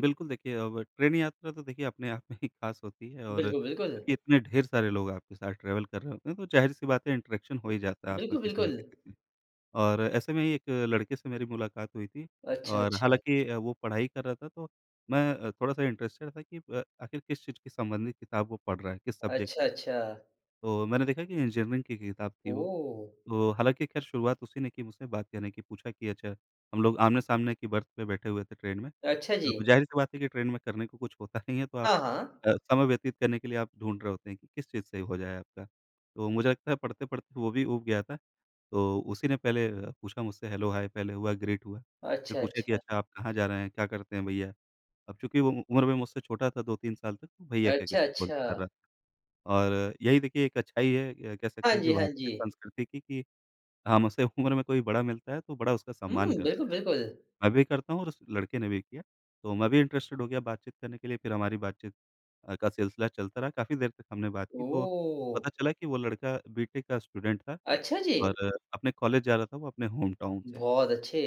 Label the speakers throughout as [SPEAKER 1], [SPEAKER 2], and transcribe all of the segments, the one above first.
[SPEAKER 1] बिल्कुल। देखिए अब ट्रेन यात्रा तो देखिए अपने आप में ही ख़ास होती है और
[SPEAKER 2] बिल्कुल, बिल्कुल।
[SPEAKER 1] क्योंकि इतने ढेर सारे लोग आपके साथ ट्रैवल कर रहे होते हैं तो ज़ाहिर सी बात है इंटरेक्शन हो ही जाता है आपका
[SPEAKER 2] बिल्कुल,
[SPEAKER 1] किसी ना
[SPEAKER 2] बिल्कुल।
[SPEAKER 1] किसी से। और ऐसे में ही 1 लड़के से मेरी मुलाकात हुई थी।
[SPEAKER 2] अच्छा,
[SPEAKER 1] और
[SPEAKER 2] अच्छा।
[SPEAKER 1] हालाँकि वो पढ़ाई कर रहा था तो मैं थोड़ा-सा इंटरेस्टेड था कि अ, आखिर किस चीज़ के संबंधित किताब वो पढ़ रहा है, किस सब्जेक्ट
[SPEAKER 2] अच्छा, अच्छा।
[SPEAKER 1] तो मैंने देखा कि इंजीनियरिंग की किताब थी वो।
[SPEAKER 2] ओह!
[SPEAKER 1] तो हालाँकि ख़ैर शुरुआत उसी ने की मुझसे बात कहने की। पूछा कि अच्छा हम लोग आमने-सामने की बर्थ पे बैठे हुए थे ट्रेन में।
[SPEAKER 2] अच्छा
[SPEAKER 1] a,
[SPEAKER 2] जी।
[SPEAKER 1] ज़ाहिर-सी बात है कि ट्रेन में करने को कुछ होता नहीं है तो आप
[SPEAKER 2] हाँ, हाँ।
[SPEAKER 1] अ, समय व्यतीत करने के लिए आप ढूँढ़ रहे होते हैं कि किस चीज़ से हो जाए आपका। तो मुझे लगता है पढ़ते-पढ़ते वो भी ऊब गया था। तो उसी ने पहले पूछा मुझसे हेलो, हाय पहले हुआ ग्रीट हुआ। फिर
[SPEAKER 2] अच्छा,
[SPEAKER 1] पूछे कि
[SPEAKER 2] अच्छा।
[SPEAKER 1] "अच्छा आप कहाँ जा रहे हैं? क्या करते हैं भैया?" अब चूँकि वो उम्र मैं मुझसे छोटा था 2-3 साल तक तो भैया कह के
[SPEAKER 2] अच्छा,
[SPEAKER 1] संबोधित कर
[SPEAKER 2] अच्छा।
[SPEAKER 1] रहा था। और यही देखिए एक अच्छाई है कह
[SPEAKER 2] हाँ
[SPEAKER 1] सकते हैं कि
[SPEAKER 2] जी, हाँ
[SPEAKER 1] भारतीय
[SPEAKER 2] जी।
[SPEAKER 1] संस्कृति की कि हम उसे उम्र में कोई बड़ा मिलता है तो बड़ा उसका सम्मान
[SPEAKER 2] हुँ, बिल्कुल,
[SPEAKER 1] करते हैं।
[SPEAKER 2] बिल्कुल।
[SPEAKER 1] मैं भी करता हूँ और उस लड़के ने भी किया। तो मैं भी इंटरेस्टेड हो गया बातचीत करने के लिए। फिर हमारी बातचीत का सिलसिला चलता रहा। काफ़ी देर तक हमने बात की तो
[SPEAKER 2] ओह!
[SPEAKER 1] पता चला कि वो लड़का बी.टेक का स्टूडेंट था
[SPEAKER 2] अच्छा जी।
[SPEAKER 1] और अपने कॉलेज जा रहा था वो अपने होमटाउन से।
[SPEAKER 2] बहुत अच्छे।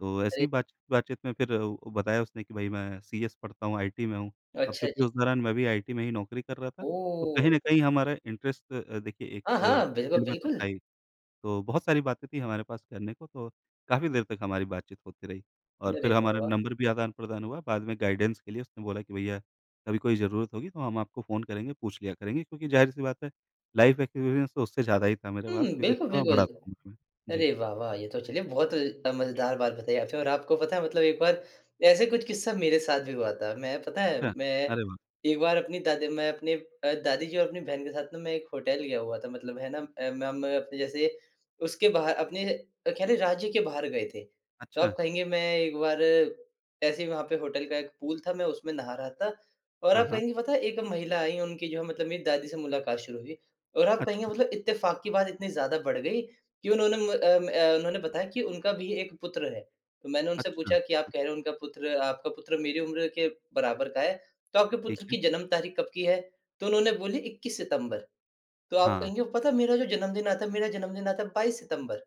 [SPEAKER 1] तो ऐसी
[SPEAKER 2] अरे
[SPEAKER 1] ही बातचीत-बातचीत में फिर अ, बताया उसने कि भाई मैं सीएस पढ़ता हूँ, आईटी में हूँ। अब
[SPEAKER 2] अच्छा
[SPEAKER 1] चूँकि
[SPEAKER 2] जी।
[SPEAKER 1] उस दौरान मैं भी आईटी में ही नौकरी कर रहा था तो कहीं
[SPEAKER 2] ओह!
[SPEAKER 1] न कहीं हमारा इंटरेस्ट अ, देखिए एक
[SPEAKER 2] हाँ,
[SPEAKER 1] अ,
[SPEAKER 2] हाँ। बिल्कुल,
[SPEAKER 1] फ़ील्ड में तो
[SPEAKER 2] बिल्कुल।
[SPEAKER 1] था ही। तो बहुत सारी बातें थी हमारे पास करने को तो काफ़ी देर तक हमारी बातचीत होती रही। और
[SPEAKER 2] अरे!
[SPEAKER 1] फिर हमारा
[SPEAKER 2] बाबा।
[SPEAKER 1] नंबर भी आदान-प्रदान हुआ। बाद में गाइडेंस के लिए उसने बोला कि भैया कभी कोई ज़रूरत होगी तो हम आपको फ़ोन करेंगे, पूछ लिया करेंगे। क्योंकि ज़ाहिर-सी बात है लाइफ एक्सपीरियंस तो उससे ज़्यादा ही था मेरे पास
[SPEAKER 2] हुँ,
[SPEAKER 1] क्योंकि
[SPEAKER 2] बिल्कुल,
[SPEAKER 1] उससे मैं
[SPEAKER 2] बिल्कुल।
[SPEAKER 1] बड़ा था उम्र मे। जी।
[SPEAKER 2] अरे! वाह वाह! ये तो चलिए बहुत अ, मज़ेदार बात बताई आपने। और आपको पता है मतलब एक बार ऐसे कुछ किस्सा मेरे साथ भी हुआ था। मैं पता है
[SPEAKER 1] अच्छा।
[SPEAKER 2] मैं
[SPEAKER 1] अरे वाह!
[SPEAKER 2] एक बार अपनी दादी मैं अपने अ, दादी जी और अपनी बहन के साथ ना मैं एक होटल गया हुआ था मतलब है ना म मैं अप जैसे उसके बाहर अपने कह लें राज्य के बाहर गए थे।
[SPEAKER 1] अच्छा।
[SPEAKER 2] तब कहेंगे मैं एक बार ऐसे ही वहाँ पे होटल का एक पूल था मैं उसमे नहा रहा था और
[SPEAKER 1] हाँ,
[SPEAKER 2] आप
[SPEAKER 1] हाँ।
[SPEAKER 2] कहेंगे पता है एक महिला आयी उनकी जो है मतलब मेरी दादी से मुलाकात शुरू हुई और आप कहेंगे
[SPEAKER 1] अच्छा।
[SPEAKER 2] मतलब इत्तेफ़ाक की बात इतनी ज़्यादा बढ़ गयी कि उन्होंने अ अ, उन्होंने बताया कि उनका भी एक पुत्र है। तो मैंने उनसे
[SPEAKER 1] अच्छा।
[SPEAKER 2] पूछा कि "आप
[SPEAKER 1] हाँ।
[SPEAKER 2] कह रहे हो उनका पुत्र आपका पुत्र मेरी उम्र के बराबर का है तो आपके
[SPEAKER 1] ठीक
[SPEAKER 2] पुत्र
[SPEAKER 1] है।
[SPEAKER 2] की जन्म तारीख़ कब की है?" तो उन्होंने बोली "21 सितम्बर" तो आप
[SPEAKER 1] हाँ।
[SPEAKER 2] कहेंगे पता है मेरा जो जन्मदिन आता है मेरा जन्मदिन आता है 22 सितम्बर।